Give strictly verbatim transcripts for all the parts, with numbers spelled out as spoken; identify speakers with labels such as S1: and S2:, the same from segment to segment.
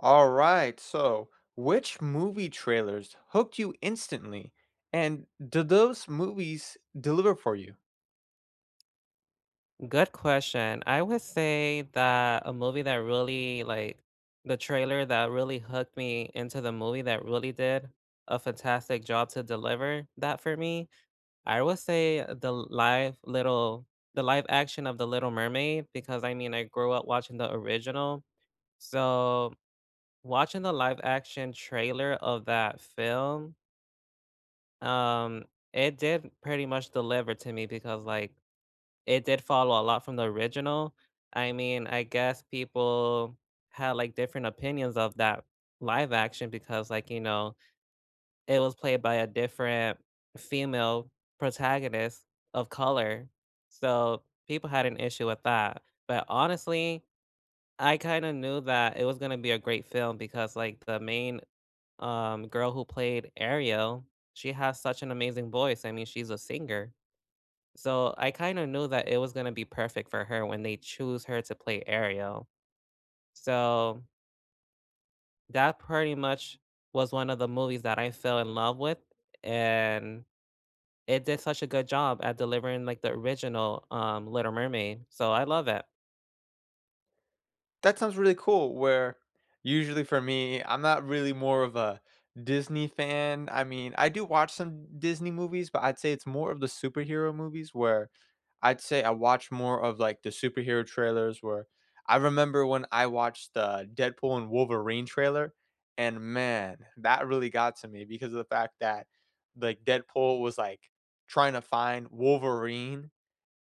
S1: All right, so which movie trailers hooked you instantly, and did those movies deliver for you?
S2: Good question. I would say that a movie that really, like the trailer that really hooked me into the movie, that really did a fantastic job to deliver that for me, I would say the live, Little the live action of The Little Mermaid, because I mean, I grew up watching the original. So, watching the live-action trailer of that film um, it did pretty much deliver to me because, like, it did follow a lot from the original. I mean, I guess people had, like, different opinions of that live action because, like, you know, it was played by a different female protagonist of color, so people had an issue with that. But honestly, I kinda knew that it was gonna be a great film because like the main, um, girl who played Ariel, she has such an amazing voice. I mean, she's a singer. So I kinda knew that it was gonna be perfect for her when they choose her to play Ariel. So That pretty much was one of the movies that I fell in love with, and it did such a good job at delivering like the original, um, Little Mermaid, so I love that.
S1: That sounds really cool, where usually for me, I'm not really more of a Disney fan, I mean, I do watch some Disney movies, but I'd say it's more of the superhero movies, where I'd say I watch more of, like, the superhero trailers, where I remember when I watched the "Deadpool& Wolverine" trailer, and man, that really got to me because of the fact that, like, Deadpool was, like, tryna find Wolverine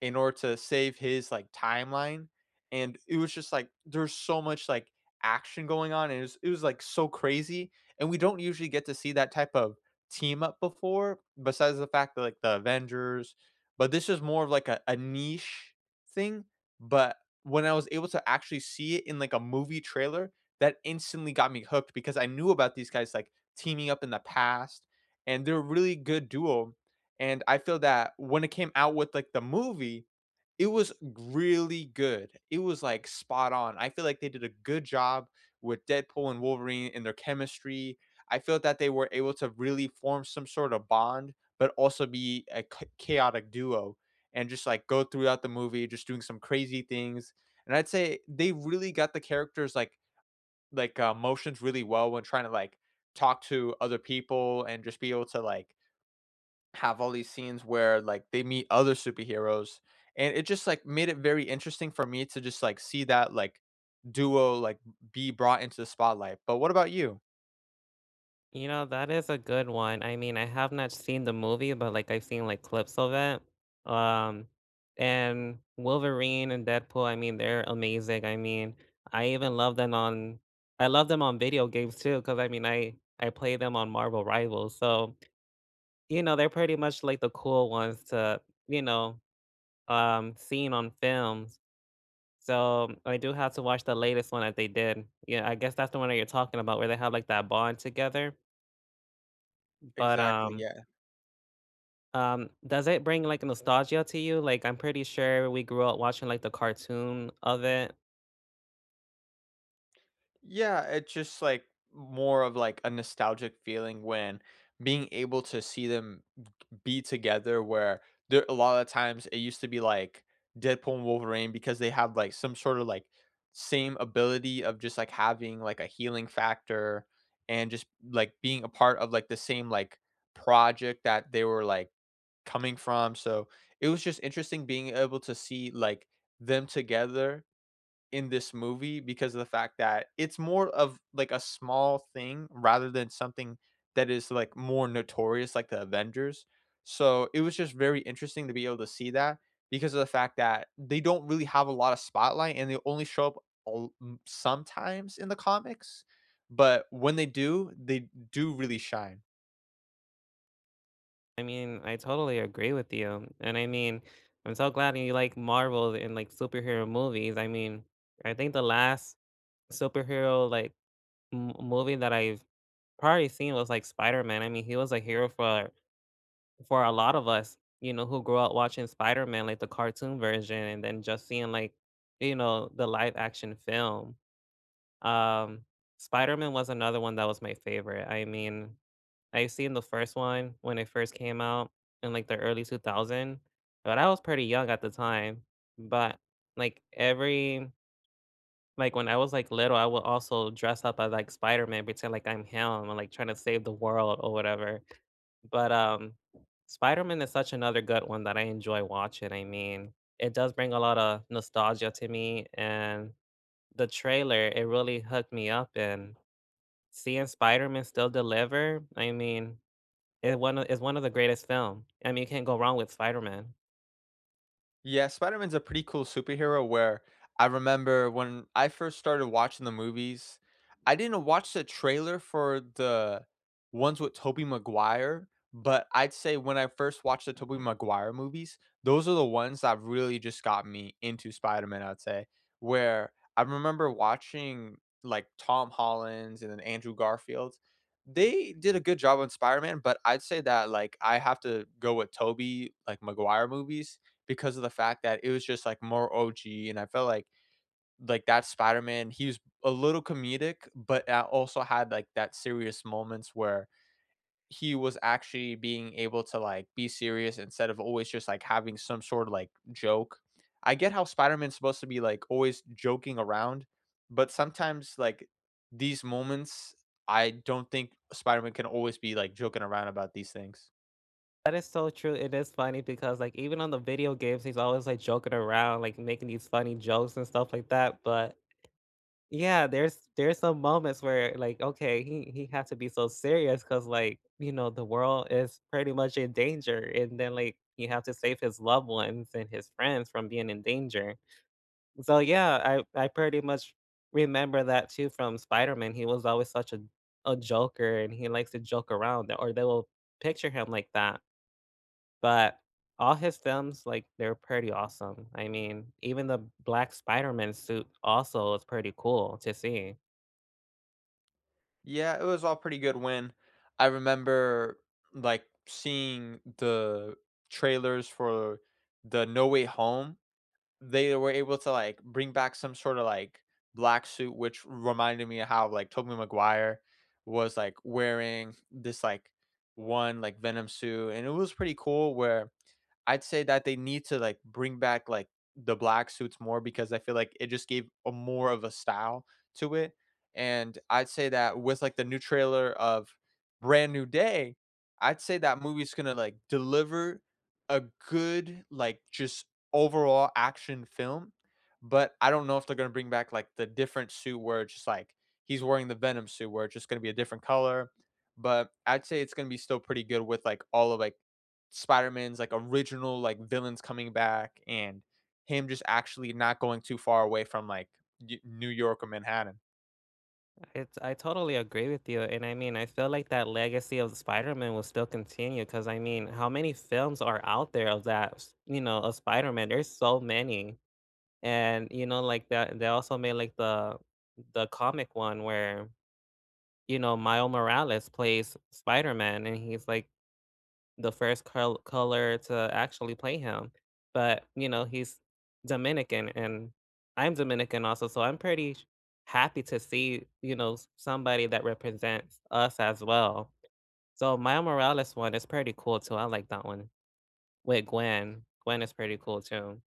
S1: in order to save his, like, timeline, and it was just like, there's so much, like, action going on, and it was it was, like, so crazy, and we don't usually get to see that type of team-up before, besides the fact that, like, the Avengers, but this was more of, like, a a niche thing, but when I was able to actually see it in, like, a movie trailer, that instantly got me hooked because I knew about these guys, like, teaming up in the past, and they're a really good duo, and I feel that when it came out with, like, the movie, it was really good, it was, like, spot on. I feel like they did a good job with Deadpool and Wolverine and their chemistry. I feel that they were able to really form some sort of bond, but also be a c chaotic duo, and just, like, go throughout the movie just doing some crazy things, and I'd say they really got the characters', like like, uh, motions really well when tryna, like, talk to other people and just be able to, like have all these scenes where, like, they meet other superheroes, and it just, like, made it very interesting for me to just, like, see that, like, duo, like, be brought into the spotlight. But what about you?
S2: You know that is a good one. I mean, I have not seen the movie, but like I've seen like clips of it. Um, and Wolverine and Deadpool, I mean, they're amazing. I mean, I even love them on I love them on video games too, 'cause I mean, I I play them on Marvel Rivals, so, you know, they're pretty much, like, the cool ones to, you know, um, seen on films. So, I do have to watch the latest one that they did. Yeah, I guess that's the one that you're talking about where they have like that bond together. B But,
S1: Exactly,
S2: um
S1: yeah.
S2: um, does it bring, like, nostalgia to you? Like, I'm pretty sure we grew up watching, like, the cartoon of it.
S1: Yeah, it's just, like, more of, like, a nostalgic feeling when being able to see them b u be together, where there a lot of times it used to be, like, Deadpool and Wolverine because they have, like, some sort of, like, same ability of just, like, having, like, a healing factor and just, like, being a part of, like, the same, like, project that they were, like, coming from. So, it was just interesting being able to see, like, them together in this movie because of the fact that it's more of, like, a small thing rather than something that is, like, more notorious like the Avengers. So, it was just very interesting to be able to see that because of the fact that they don't really have a lot of spotlight and they only show up all m sometimes in the comics. But when they do, they do really shine.
S2: I mean, I totally agree with you, and I mean, I'm so glad that you like Marvel and, like, superhero movies. I mean, I think the last superhero, like, m movie that I've probably seen was, like, Spider-Man. I mean, he was a hero for for a lot of us, you know, who grew up watching Spider-Man, like the cartoon version, and then just seeing, like, you know, the live action film. Um, Spider-Man was another one that was my favorite. I mean, I seen the first one when it first came out in, like, the early two thousand, but I was pretty young at the time. But, like, every like, when I was, like, little, I would also dress up as, like, Spider-Man, pretend like I'm him and, like, trying to save the world or whatever. But, um, Spider-Man is such another good one that I enjoy watching. I mean, it does bring a lotta nostalgia to me, and the trailer, it really hooked me up, and seeing Spider-Man still deliver, I mean, it one of is one of the greatest film. I mean, you can't go wrong with Spider-Man.
S1: Yeah, Spider-Man's a pretty cool superhero, where I remember when I first started watching the movies, I didn't watch the trailer for the ones with Tobey Maguire, but I'd say when I first watched the Tobey Maguire movies, those are the ones that really just got me into Spider-Man, I'd say, where, I remember watching, like, Tom Holland's and then Andrew Garfield's. They did a good job on Spider-Man, but I'd say that, like, I have to go with Tobey, like, Maguire movies because of the fact that it was just, like, more OG, and I felt like, like, that Spider-Man, he was a little comedic, but, uh, also had, like, that serious moments where, he was actually being able to, like, be serious instead of always just, like, having some sort of, like, joke. I get how Spider-Man's supposed to be, like, always joking around, but sometimes, like, these moments, I don't think Spider-Man can always be, like, joking around about these things.
S2: That is so true. It is funny because like even on the video games, he's always like joking around, like, making these funny jokes and stuff like that, but Yeah, there's there's some moments where, like, okay, he he had to be so serious 'cause like, you know, the world is pretty much in danger, and then, like, he had to save his loved ones and his friends from being in danger. So, yeah, I I pretty much remember that too from Spider-Man. He was always such a a joker and he likes to joke around, or they will picture him like that. But all his films, like, they're pretty awesome. I mean, even the black Spider-Man suit also is pretty cool to see.
S1: Yeah, it was all pretty good when I remember, like, seeing the trailers for the No Way Home. They were able to, like, bring back some sorta, like, black suit, which reminded me of how, like, Tobey Maguire was, like, wearing this, like, one, like, Venom suit, and it was pretty cool where I'd say that they need to, like, bring back, like, the black suits more because I feel like it just gave a more of a style to it, and I'd say that with, like, the new trailer of Brand New Day, I'd say that movie's gonna, like, deliver a good, like, just overall action film. But I don't know if they're gonna bring back, like, the different suit where it's just, like, he's wearing the Venom suit where it's just gonna be a different color, but I'd say it's gonna be still pretty good with, like, all of, like, Spider-Man's, like, original, like, villains coming back and him just actually not going too far away from, like, Ne New York or Manhattan.
S2: It I totally agree with you, and I mean, I feel like that legacy of the Spider-Man will still continue 'cause I mean, how many films are out there of that s you know, of Spider-Man? There's so many. And you know, like that they also made like the the comic one where, you know, Mile Morales plays S Spider-Man and he's like the first col color to actually play him. But you know, he's Dominican and I'm Dominican also, so I'm pretty sh happy to see, you know, s somebody that represents us as well. So Mile Morales one is pretty cool too, I like that one with Gwen. Gwen is pretty cool too.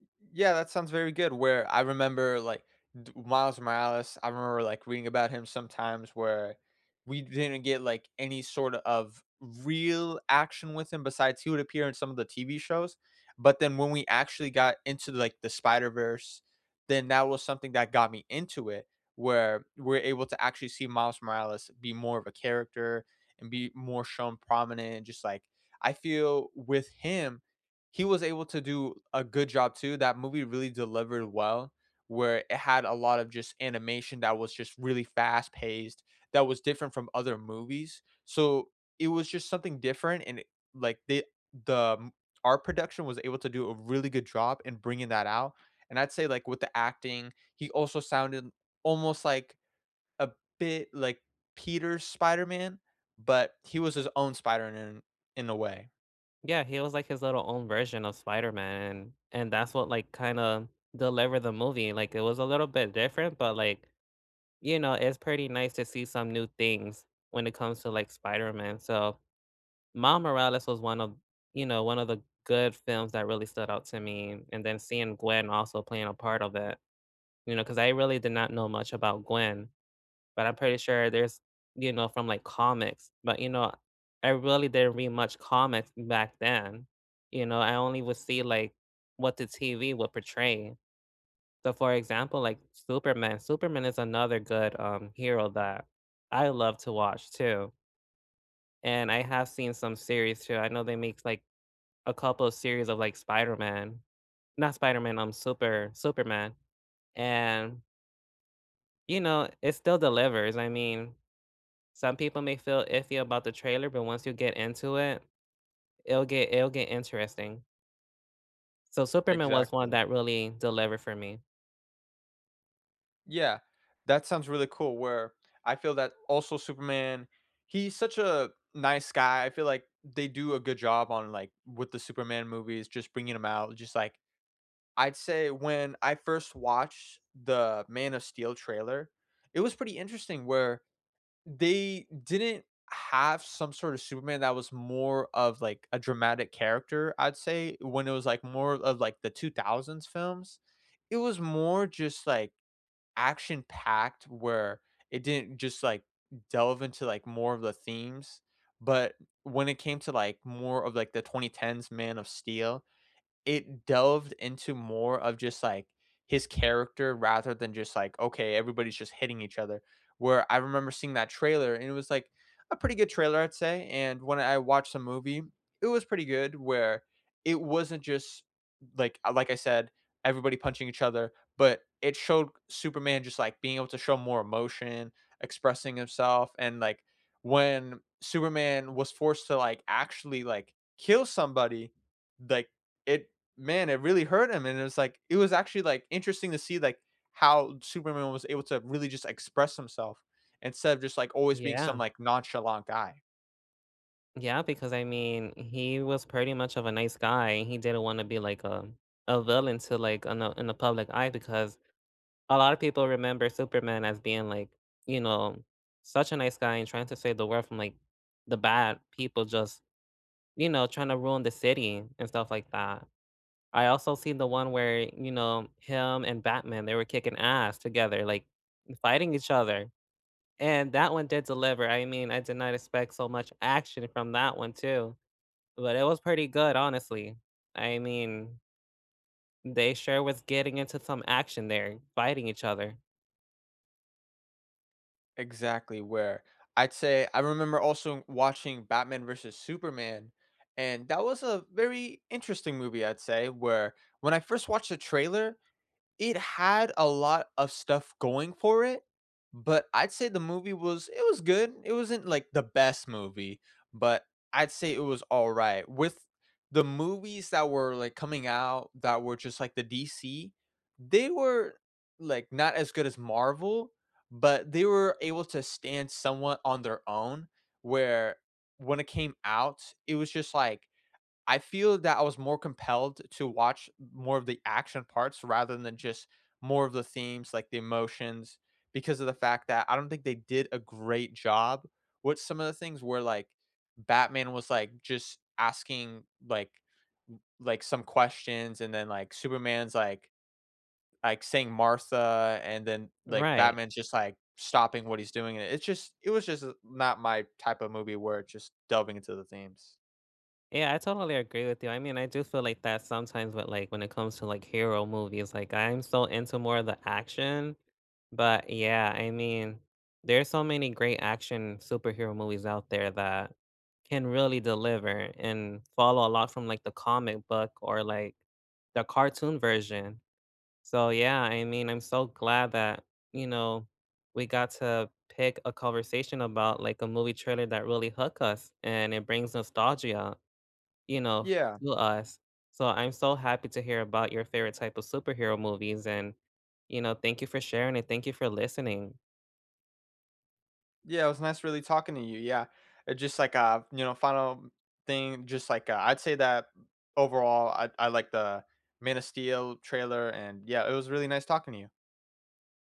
S1: Y yeah, that sounds very good where I remember, like, d Miles Morales, I remember, like, reading about him sometimes where we didn't get, like, any sort of real action with him besides he would appear in some of the TV shows, but then when we actually got into, like, the Spider-Verse, then that was something that got me into it where we're able to actually see Miles Morales be more of a character and be more shown prominent, and just, like I feel with him, he was able to do a good job too, that movie really delivered well where it had a lot of just animation that was just really fast-paced that was different from other movies, so it was just something different and it like, they the m art production was able to do a really good job in bringing that out, and I'd say, like, with the acting, he also sounded almost, like a bit like Peter's Spider-Man, but he was his own Spider-Man in a way.
S2: Yeah, he was like his little own version of Spider-Man and and that's what, like, kinda delivered the movie, like, it was a little bit different, but, like, you know, it's pretty nice to see some new things when it comes to, like, Spider-Man, so Miles Morales was one of you know, one of the good films that really stood out to me, and then seeing Gwen also playing a part of it, you know, 'cause I really did not know much about Gwen, but I'm pretty sure there's you know, from like comics, but you know, I really didn't read much comics back then, you know, I only would see, like, what the TV would portray. So, for example, like, Superman, Superman is another good, um, hero that I love to watch too. And I have seen some series too. I know they make like a couple series of like Spider-Man. Not Spider-Man, um, Super Superman. And you know, it still delivers. I mean, some people may feel iffy about the trailer, but once you get into it, it'll get it'll get interesting. So Superman was one
S1: Exactly.
S2: that really delivered for me.
S1: Yeah, that sounds really cool where I feel that also Superman, he's such a nice guy. I feel like they do a good job on, like with the Superman movies, just bringing him out. Just like, I'd say when I first watched the Man of Steel trailer, it was pretty interesting where they didn't have some sort of Superman that was more of, like, a dramatic character, I'd say. When it was, like, more of, like, the two thousands films, it was more just, like, action-packed where it didn't just, like, delve into, like, more of the themes. But when it came to, like, more of, like, the twenty-tens Man of Steel, it delved into more of just, like, his character rather than just, like, okay, everybody's just hitting each other. Where I remember seeing that trailer, and it was, like, a pretty good trailer, I'd say. And when I watched the movie, it was pretty good where it wasn't just, like like I said, everybody punching each other. But it showed Superman just, like, being able to show more emotion, expressing himself. And, like, when Superman was forced to, like, actually, like, kill somebody, like, it Man, it really hurt him, and it was like it was actually, like, interesting to see, like, how Superman was able to really just express himself instead of just, like, always being some,
S2: Yeah.
S1: like, nonchalant guy.
S2: Yeah, because I mean, he was pretty much of a nice guy, he didn't wanna be like, uh, a villain to like in the in the public eye because a lot of people remember Superman as being like, you know, such a nice guy and trying to save the world from, like, the bad people, just, you know, trying to ruin the city and stuff like that. I also seen the one where, you know, him and Batman, they were kicking ass together, like, fighting each other, and that one did deliver, I mean, I did not expect so much action from that one too, but it was pretty good, honestly. I mean they sure was getting into some action there, fighting each other.
S1: Exactly, where, I'd say I remember also watching Batman v Superman, and that was a very interesting movie, I'd say, where when I first watched the trailer, it had a lot of stuff going for it, but I'd say the movie was it was good. It wasn't, like, the best movie, but I'd say it was all right. With the movies that were, like, coming out that were just, like, the DC, they were, like, not as good as Marvel, but they were able to stand somewhat on their own, where when it came out, it was just, like I feel that I was more compelled to watch more of the action parts rather than just more of the themes, like the emotions, because of the fact that I don't think they did a great job with some of the things where, like, Batman was, like, just asking, like li like, some questions, and then, like, Superman's like like, saying "Martha," and then, like,
S2: Right.
S1: Batman's just, like, stopping what he's doing, and it's just it was just not my type of movie where it just delving into the themes.
S2: Yeah, I totally agree with you, I mean, I do feel like that sometimes with, like, when it comes to, like, hero movies, like, I'm so into more of the action, but yeah, I mean, there are so many great action superhero movies out there that can really deliver and follow a lot from, like, the comic book or, like, the cartoon version, so yeah, I mean, I'm so glad that, you know, we got to pick a conversation about, like, a movie trailer that really hook us, and it brings nostalgia, you know,
S1: Yeah.
S2: to us. So I'm so happy to hear about your favorite type of superhero movies and, you know, thank you for sharing it. Thank you for listening
S1: Yeah, it was nice really talking to you, yeah. Just like a, you know, final thing, just like a I'd say that overall I I like the Man of Steel trailer, and yeah, it was really nice talking to you.